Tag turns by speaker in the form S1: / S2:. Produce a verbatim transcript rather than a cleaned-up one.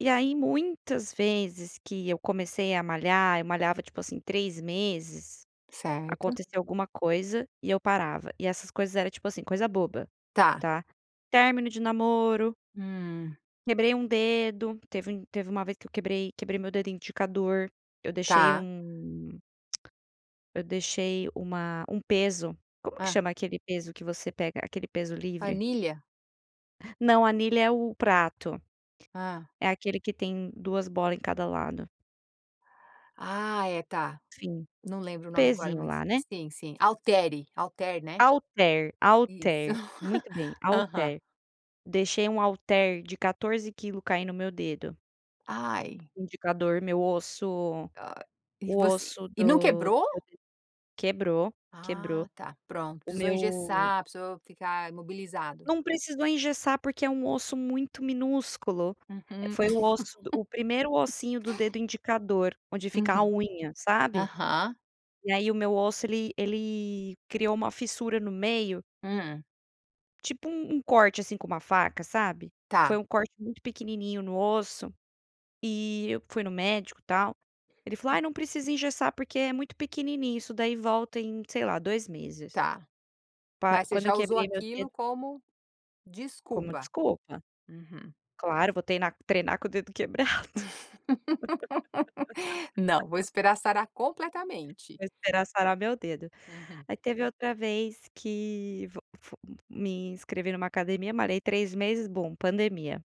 S1: E aí muitas vezes que eu comecei a malhar, eu malhava tipo assim três meses,
S2: Certo.
S1: acontecia alguma coisa, e eu parava e essas coisas era tipo assim coisa boba,
S2: Está.
S1: tá? Término de namoro
S2: Hum.
S1: quebrei um dedo, teve um teve uma vez que eu quebrei quebrei meu dedo indicador, eu deixei
S2: Está.
S1: um eu deixei uma um peso, como que
S2: Ah.
S1: chama aquele peso que você pega aquele peso livre?
S2: Anilha?
S1: Não anilha é o prato,
S2: Ah.
S1: é aquele que tem duas bola em cada lado.
S2: Ah é tá,
S1: Sim,
S2: não lembro o nome agora
S1: pesinho
S2: mas
S1: lá, né.
S2: sim, sim, altere, altere, né.
S1: Alter,
S2: Isso,
S1: alter, muito bem,
S2: aham.
S1: alter, deixei um alter de quatorze quilo cair no meu dedo
S2: Ai.
S1: indicador, meu osso
S2: Ai e
S1: o
S2: você,
S1: osso
S2: e não
S1: do [unintelligible]
S2: quebrou?
S1: quebrou,
S2: Ah,
S1: quebrou,
S2: está, pronto
S1: o
S2: precisou
S1: meu
S2: engessar, precisou ficar imobilizado.
S1: Não precisou engessar porque é um osso muito minúsculo,
S2: Uhum.
S1: foi o osso do o primeiro ossinho do dedo indicador onde fica a
S2: Uhum.
S1: unha, sabe?
S2: Aham.
S1: E aí o meu osso ele ele criou uma fissura no meio
S2: Hã.
S1: tipo um um corte, assim, com uma faca, sabe? Foi
S2: Está.
S1: um corte muito pequenininho no osso, e eu fui no médico tal, ele falou: "Ai não precisa engessar porque é muito pequenininho isso daí volta em, sei lá, dois meses".
S2: Está.
S1: Pá,
S2: Mas você
S1: quando eu
S2: já usou
S1: quebrei meu dedo
S2: aquilo como
S1: como
S2: desculpa.
S1: desculpa,
S2: Uhum.
S1: claro vou treinar treinar com o dedo quebrado?
S2: Não vou esperar sarar completamente.
S1: Vou esperar sarar meu dedo.
S2: Uhum.
S1: Aí teve outra vez que, v f f me inscrevi em uma academia, malhei três meses, boom pandemia.